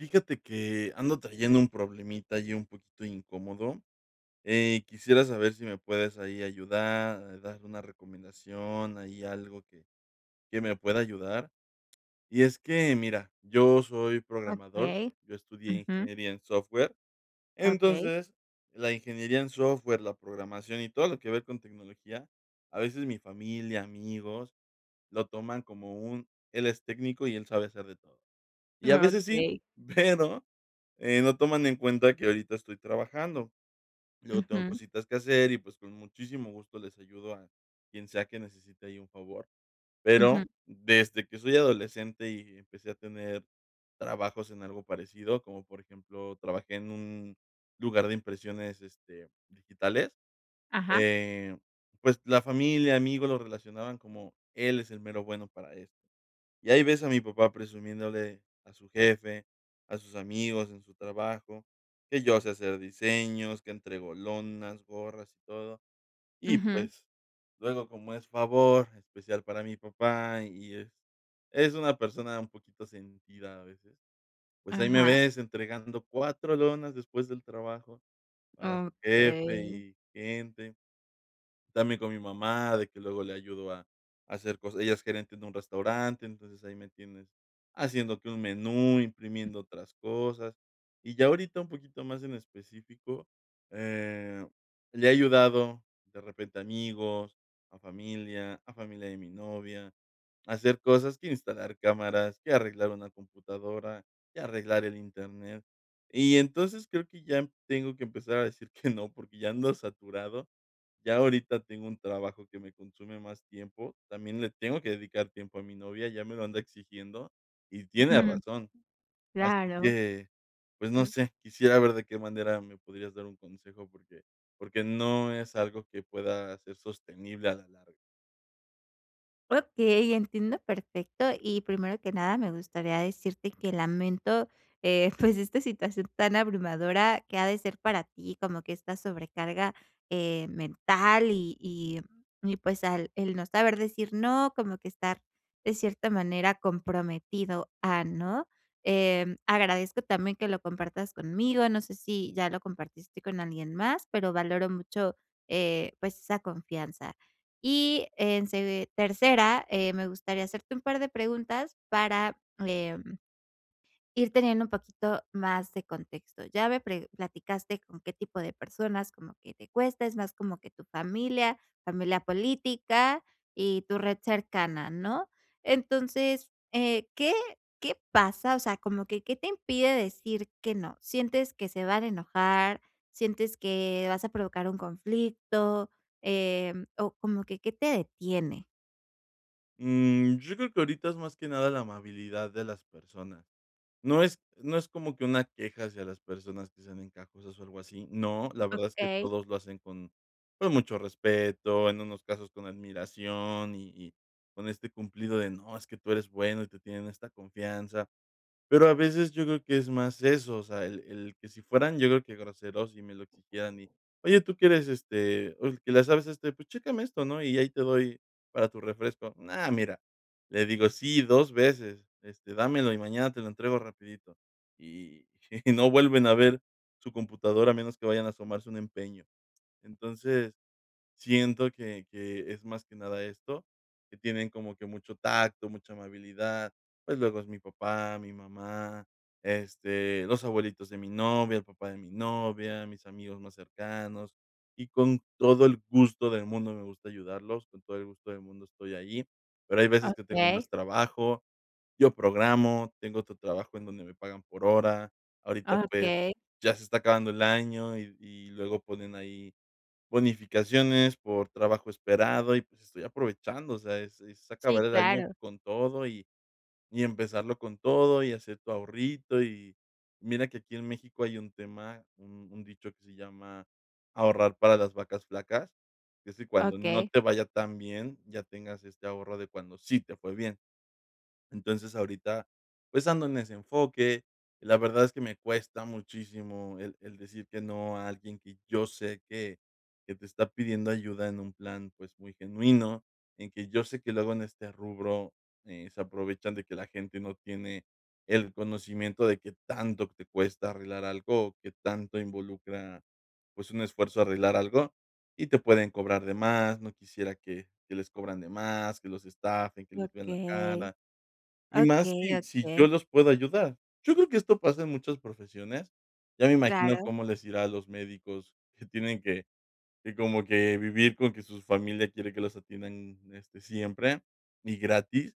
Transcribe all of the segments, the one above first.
Fíjate que ando trayendo un problemita ahí un poquito incómodo, eh, quisiera saber si me puedes ahí ayudar, dar una recomendación, ahí algo que que me pueda ayudar, y es que mira, yo soy programador, Okey, yo estudié ujú. ingeniería en software, Okey. entonces la ingeniería en software, la programación y todo lo que ver con tecnología, a veces mi familia, amigos lo toman como un: "El es técnico y él sabe hacer de todo", y a veces sí, Okey. pero no toman en cuenta que ahorita estoy trabajando, luego tengo Ujú. cositas que hacer y, pues, con muchísimo gusto les ayudo a quien sea que necesite ahí un favor, pero, Ujú. desde que soy adolescente y empecé a tener trabajos en algo parecido, como por ejemplo, trabajé en un lugar de impresiones, este, digitales, Ajá. eh, pues la familia, amigos lo relacionaban como: "Él es el mero bueno para esto", y ahí ves a mi papá presumiéndole a su jefe, a sus amigos en su trabajo, que yo sé hacer diseños, que entrego lonas, gorras y todo y Ujú. pues luego, como es favor especial para mi papá y es es una persona un poquito sentida a veces, pues, ahí me Ajá. ves entregando 4 lonas después del trabajo para su jefe Okey. y gente también con mi mamá de que luego le ayudo a hacer cosas, ella es gerente en un restaurante, entonces, ahí me tienes haciendo que un menú, imprimiendo otras cosas, y ya ahorita un poquito más en específico, eh, le he ayudado de repente a amigos, a familia a familia de mi novia, a hacer cosas, que instalar cámaras, que arreglar una computadora, que arreglar el internet y entonces creo que ya tengo que empezar a decir que no, porque ya ando saturado, ya ahorita tengo un trabajo que me consume más tiempo, también le tengo que dedicar tiempo a mi novia, ya me lo anda exigiendo y tiene razón, así Claro. que pues no sé, quisiera ver de qué manera me podrías dar un consejo porque porque no es algo que pueda ser sostenible a la larga. Okey, entiendo, perfecto. Y primero que nada, me gustaría decirte que lamento, eh, pues esta situación tan abrumadora que ha de ser para ti, como que esta sobrecarga, eh, mental, y y y pues, al el no saber decir no, como que estar de cierta manera comprometido a, ¿no? Eh, agradezco también que lo compartas conmigo. No sé si ya lo compartiste con alguien más, pero valoro mucho, eh, pues, esa confianza. Y en se tercera, eh, me gustaría hacerte un par de preguntas para, eh, ir teniendo un poquito más de contexto. Ya ve pre platicaste con qué tipo de personas como que te cuesta. Es más como que tu familia, familia política y tu red cercana, ¿no? Entonces, eh, ¿qué qué pasa? O sea, ¿cómo que qué te impide decir que no? ¿Sientes que se van a enojar? ¿Sientes que vas a provocar un conflicto? Em, o, ¿cómo que qué te detiene? Mm, yo creo que ahorita es más que nada la amabilidad de las personas, no es no es como que, una queja hacia las personas que sean encajosas o algo así, no, la verdad es que Okey. todos lo hacen con con mucho respeto en unos casos, con admiración y y con este cumplido de: "No es que tú eres bueno", y te tienen esta confianza, pero a veces yo creo que es más eso, o sea, el el que si fueran yo creo que groseros y me lo exigieran y :"Oye tú que eres, este, el que le sabe, este, pues, chécame esto, ¿no?, y ahí te doy para tu refresco", ah, mira, le digo: "Sí, 2 veces, este, dámelo y mañana te lo entrego rapidito" y y no vuelven a ver su computadora a menos que vayan a asomarse un empeño, entonces, siento que que es, más que nada, esto que tienen como que mucho tacto, mucha amabilidad, pues, luego es mi papá, mi mamá, este, los abuelitos de mi novia, el papá de mi novia, mis amigos más cercanos y con todo el gusto del mundo me gusta ayudarlos con todo el gusto del mundo estoy allí, pero hay veces que tengo más Okey. trabajo, yo programo, tengo otro trabajo en donde me pagan por hora, ahorita, pues, Okey. ya se está acabando el año y y luego ponen ahí bonificaciones por trabajo esperado y, pues, estoy aprovechando, o sea, es es acabar Sí, el año claro. con todo y y empezarlo con todo y hacer tu ahorrito y mira que aquí en México hay un tema, un un dicho que se llama: "Ahorrar para las vacas flacas", es decir, cuando no Okey. te vaya tan bien, ya tengas este ahorro de cuando sí te fue bien, entonces ahorita, pues, ando en ese enfoque, la verdad es que me cuesta muchísimo el el decir que no a alguien que yo sé que que te está pidiendo ayuda en un plan, pues, muy genuino en que yo sé que luego en este rubro, eh, se aprovechan de que la gente no tiene el conocimiento de que tanto te cuesta arreglar algo, que tanto involucra, pues, un esfuerzo arreglar algo y te pueden cobrar de más, no quisiera que que les cobran de más, que los estafen, que les vean la Okey, cara y más okey, si si yo okey. los puedo ayudar, yo creo que esto pasa en muchas profesiones, ya me imagino Claro. cómo les irá a los médicos que tienen que que como que vivir con que su familia quiere que los atiendan este siempre y gratis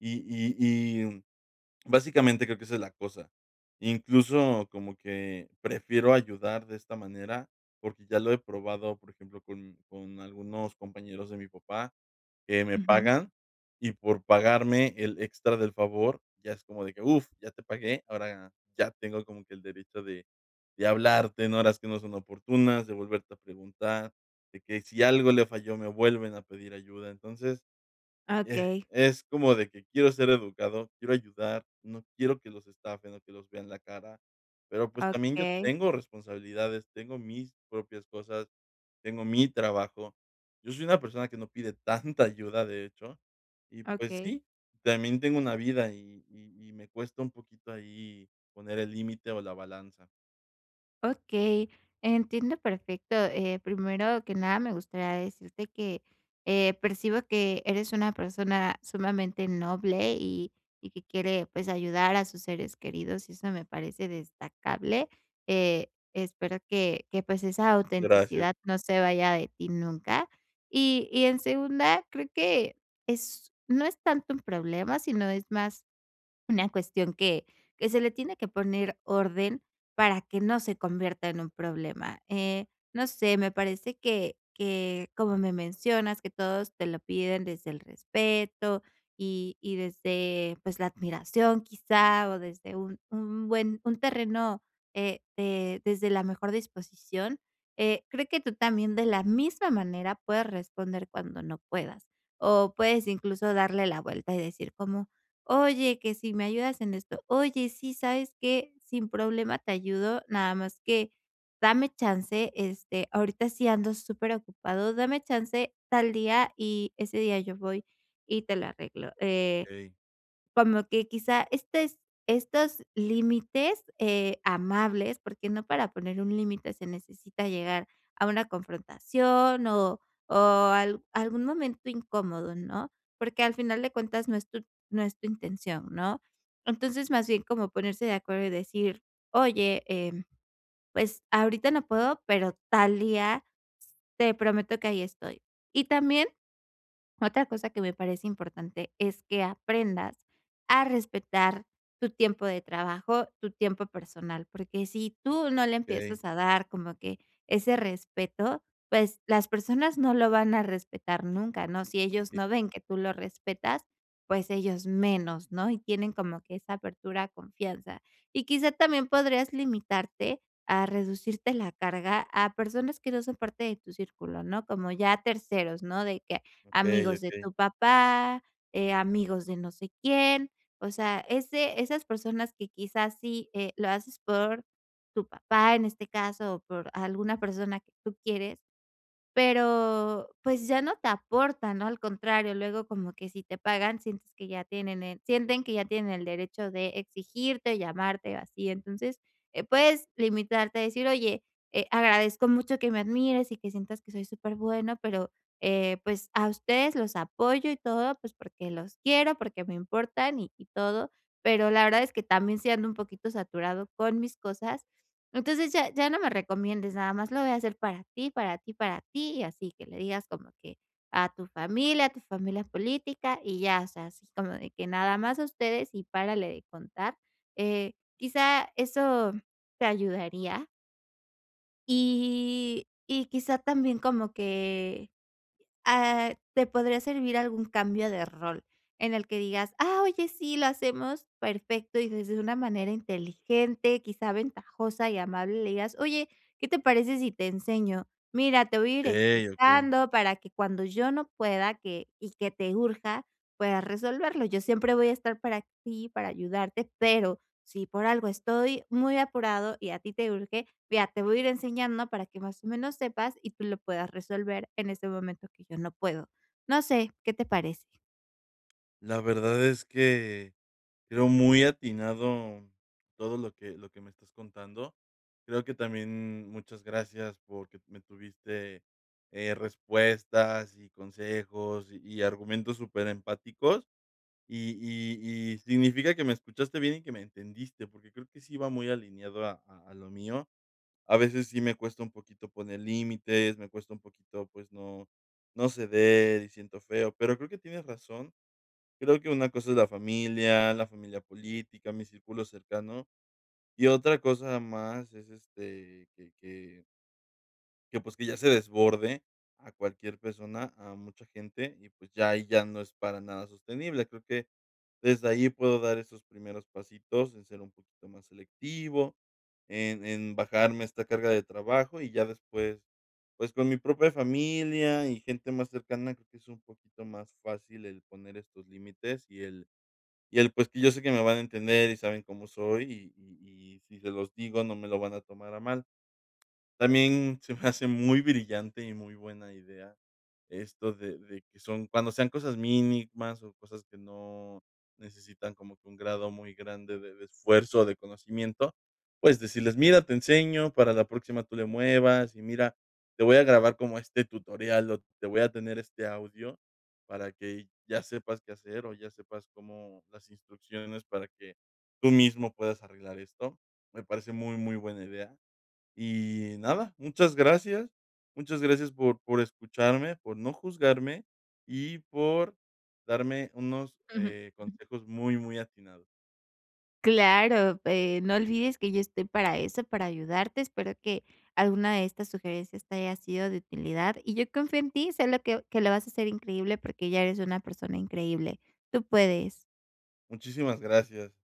y y y básicamente creo que esa es la cosa, incluso como que prefiero ayudar de esta manera, porque ya lo he probado, por ejemplo, con con algunos compañeros de mi papá que me Ujú. pagan y por pagarme el extra del favor ya es como de que, ¡uf!, ya te pagué, ahora ya tengo como que el derecho de de hablarte en horas que no son oportunas, de volverte a preguntar, de que si algo le falló, me vuelven a pedir ayuda, entonces, eh, Okey. es como de que quiero ser educado, quiero ayudar, no quiero que los estafen, o que los vean la cara, pero, pues, también yo Okey. tengo responsabilidades, tengo mis propias cosas, tengo mi trabajo, yo soy una persona que no pide tanta ayuda, de hecho, y pues Okey. sí, también tengo una vida y y y me cuesta un poquito ahí poner el límite o la balanza. Okey. Entiendo perfecto. Eh, primero que nada, me gustaría decirte que, eh, percibo que eres una persona sumamente noble y y que quiere, pues, ayudar a sus seres queridos, y eso me parece destacable. Eh, espero que que pues, esa Gracias. autenticidad no se vaya de ti nunca. Y y en segunda, creo que, es no es tanto un problema, sino es más una cuestión que que se le tiene que poner orden, para que no se convierta en un problema. Eh, no sé, me parece que que como me mencionas que todos te lo piden desde el respeto, y y desde, pues, la admiración quizá, o desde un un buen un terreno, eh, de desde la mejor disposición, eh, creo que tú también, de la misma manera puedes responder cuando no puedas, o puedes, incluso, darle la vuelta, y decir como: "Oye, que si me ayudas en esto". "Oye, sí, ¿sabes qué?, sin problema te ayudo, nada más que dame chance, este, ahorita sí ando superocupado. Dame chance tal día, y ese día yo voy y te lo arreglo". Eh, Okey. como que, quizá, este, es estos límites, eh, amables. Porque no para poner un límite, se necesita llegar a una confrontación, o o al algún momento incómodo, ¿no? Porque al final de cuentas no es tu no es tu intención, ¿no? Entonces, más bien como ponerse de acuerdo y decir: "Oye, eh, pues, ahorita no puedo, pero tal día, s te prometo que ahí estoy". Y también, otra cosa que me parece importante, es que aprendas a respetar tu tiempo de trabajo, tu tiempo personal, porque si tú no le Okey. empiezas a dar como que ese respeto, pues las personas no lo van a respetar nunca, ¿no? Si ellos Entiendo. no ven que tú lo respetas, pues, ellos menos, ¿no? Y tienen como que esa apertura a confianza. Y quizá, también podrías limitarte, a reducirte la carga, a personas que no son parte de tu círculo, ¿no?, como ya a terceros, ¿no?, de que, Okey, amigos de okey. tu papá, eh, amigos de no sé quién. O sea, ese esas personas que, quizás, sí, eh, lo haces por tu papá, en este caso, o por alguna persona que tú quieres, pero, pues ya no te aporta, ¿no?, al contrario. Luego, como que si te pagan, sientes que ya tienen el sienten que ya tienen el derecho de exigirte, llamarte o así. Entonces, eh, puedes limitarte a decir: "Oye, eh, agradezco mucho que me admires y que sientas que soy súper bueno, pero, eh, pues, a ustedes los apoyo y todo, pues porque los quiero, porque me importan, y y todo, pero la verdad es que también, sí ando un poquito saturado con mis cosas, entonces ya, ya no me recomiendes, nada más lo voy a hacer para ti, para ti, para ti". Y así, que le digas como que, a tu familia, a tu familia política, y ya. O sea, así como de que, nada más a ustedes, y párale de contar. Eh, quizá, eso, ¿te ayudaría? Y, y quizá también como que ah, te podría servir algún cambio de rol. En el que digas: "Ah, oye, sí, lo hacemos perfecto", y desde una manera inteligente, quizá, ventajosa y amable, le digas: "Oye, ¿qué te parece si te enseño? Mira, te voy a ir Okey, okey. explicando, para que cuando yo no pueda, que y que te urja, puedas resolverlo. Yo siempre voy a estar para ti, para ayudarte, pero, si por algo estoy muy apurado y a ti te urge, vea, te voy a ir enseñando para que, más o menos, sepas, y tú lo puedas resolver en ese momento que yo no puedo". No sé, ¿qué te parece? La verdad es que creo muy atinado todo lo que lo que me estás contando. Creo que también, mm, muchas gracias, porque me tuviste, eh, respuestas, y consejos, y argumentos super empáticos. Y y y significa que me escuchaste bien y que me entendiste, porque creo que sí va muy alineado a a a lo mío. A veces sí me cuesta un poquito poner límites, me cuesta un poquito, pues no, no ceder, y siento feo, pero creo que tienes razón. Creo que una cosa es la familia, la familia política, mi círculo cercano, y otra cosa más es este, que que Que, pues, que ya se desborde a cualquier persona, a mucha gente y, pues, ya ahí ya no es para nada sostenible, creo que, desde ahí, puedo dar esos primeros pasitos en ser un poquito más selectivo en en bajarme esta carga de trabajo y ya después, pues, con mi propia familia y gente más cercana, creo que es un poquito más fácil el poner estos límites y el y el pues que yo sé que me van a entender y saben cómo soy y y y si se los digo, no me lo van a tomar a mal. También se me hace muy brillante y muy buena idea esto de de que son cuando sean cosas mínimas o cosas que no necesitan como que un grado muy grande de de esfuerzo o de conocimiento, pues decirles: "Mira, te enseño para la próxima tú le muevas y mira, te voy a grabar como este tutorial o te voy a tener este audio para que ya sepas qué hacer o ya sepas cómo las instrucciones para que tú mismo puedas arreglar esto". Me parece muy, muy buena idea. Y nada, muchas gracias. Muchas gracias por por escucharme, por no juzgarme y por darme unos Ujú. consejos eh, muy, muy atinado. Claro, eh, no olvides que yo estoy para eso, para ayudarte, espero que, alguna de estas sugerencias te haya sido de utilidad y yo confío en ti solo que que lo vas a hacer increíble porque ya eres una persona increíble. Tú puedes. Muchísimas gracias.